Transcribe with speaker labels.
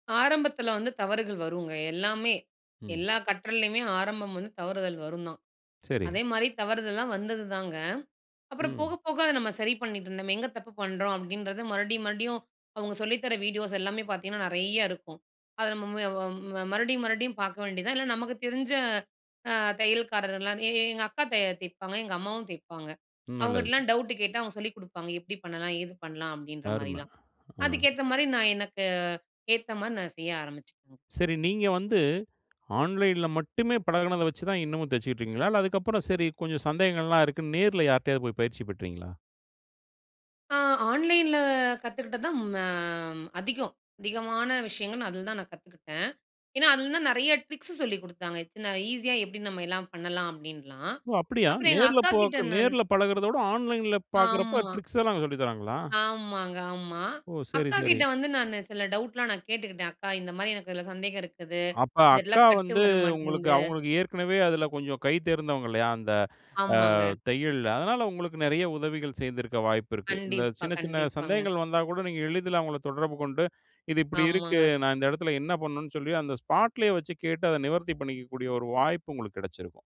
Speaker 1: ஆரம்பத்தில வந்து தவறுகள் வருங்க. எல்லாமே
Speaker 2: ம்.
Speaker 1: எல்லா கற்றலேயுமே ஆரம்பம் வந்து தவறுதல் வரும் தான்.
Speaker 2: சரி.
Speaker 1: அதேமாதிரி தவறுதல்லலாம் வந்தது தாங்க. அப்புறம் போக
Speaker 2: ம்.
Speaker 1: போக அத நம்ம சரி பண்ணிட்டு இருந்தோம். "நம்ம எங்கே தப்பு பண்றோம்?" அப்டின்றது மறுபடியும் மறுபடியும் அவங்க சொல்லி தர வீடியோஸ் எல்லாமே பார்த்திங்கன்னா, நெறையா இருக்கும். அத நம்ம ம வ ம-மறுபடியும் மறுபடியும் பார்க்க வேண்டியது தான். இல்ல நமக்கு தெரிஞ்ச, அ தையல்காரர்லாம் எ எ எங்க அக்கா தைய தைய்ப்பாங்க. எங்க அம்மாவும் தைய்ப்பாங்க.
Speaker 2: ம். நல்லது.
Speaker 1: அவங்ககிட்டலாம் டவுட்டு கேட்டா, அவங்க சொல்லிக் கொடுப்பாங்க. எப்படி பண்ணலாம்? ஏது பண்ணலாம்? அப்டின்ற
Speaker 2: அரும.
Speaker 1: மாதிரிலாம்.
Speaker 2: ஆ.
Speaker 1: அதுக்கேத்த மாரி நான் எனக்கு ஏத்த மாரி நான் செய்ய ஆரம்பிச்சேன். ம்.
Speaker 2: சரி. நீங்க வந்து ஆன்லைன்ல மட்டுமே பழகுனத வச்சி தான் இன்னமும் தச்சிட்டு இருக்கீங்களா? இல்ல, அதுக்கு அப்புறம், சரி, கொஞ்சம் சந்தேகங்கள் எல்லாம் இருக்குன்னு, நேரில யார்கிட்டயாவது போய் பயிற்சி பெற்றீங்களா?
Speaker 1: ஆ ஆன்லைன்ல கத்துக்கிட்டது தான் ம அதிகம். அதிகமான விஷயங்கள் அதில தான் நான் கத்துக்கிட்டேன். ஏன்னா, அதில தான் நெறைய ட்ரிக்ஸ் சொல்லிக் கொடுத்தாங்க. இத்தனை ஈஸியா எப்டி நம்ம எல்லாம் பண்ணலாம்? அப்டின்லாம்.
Speaker 2: ஒ! அப்டியா
Speaker 1: அப்புறம் எங்க
Speaker 2: நேர்ல
Speaker 1: அக்காகிட்ட
Speaker 2: பாக்
Speaker 1: நான்
Speaker 2: நேர்ல பழகுறத விட, ஆன்லைன்ல பார்க்குறப்போ,
Speaker 1: ஆமா.
Speaker 2: ட்ரிக்ஸ் எல்லாம் சொல்லி தர்றாங்களா?
Speaker 1: ஆமாங்க, ஆமா.
Speaker 2: ஓ! சரி, சரி.
Speaker 1: அக்காகிட்ட வந்து நானு சில டவுட்லாம் நான் கேட்டுக்கிட்டேன். அக்கா இந்த மாரி எனக்கு இதில சந்தேகம் இருக்குது.
Speaker 2: அப்ப
Speaker 1: இந்த இடத்துல
Speaker 2: அக்கா
Speaker 1: கட்டு
Speaker 2: வந்து,
Speaker 1: வர
Speaker 2: உங்களுக்கு
Speaker 1: மாட்டேங்குது,
Speaker 2: அவங்களுக்கு ஏற்கனவே அதில கொஞ்சம் கை தேர்ந்தவங்கல்லையா? அந்த அ
Speaker 1: ஆமாங்க.
Speaker 2: தையல். அதனால உங்களுக்கு நெறைய உதவிகள் செய்திருக்க வாய்ப்பு இருக்கு. இந்த
Speaker 1: கண்டிப்பா.
Speaker 2: சின்ன சின்ன
Speaker 1: கண்டிப்பாங்க.
Speaker 2: சந்தேகங்கள் வந்தா கூட, நீங்க எளிதில அவங்கள தொடர்பு கொண்டு, இது இப்டி இருக்கு?
Speaker 1: ஆமாங்க.
Speaker 2: நான் இந்த இடத்தில என்ன பண்ணனும்னு சொல்லி அந்த ஸ்பாட்லயே வச்சு கேட்டு, அதை நிவர்த்தி பண்ணிக்ககூடிய ஒரு வாய்ப்பு உங்களுக்கு கெடைச்சிருக்கும்.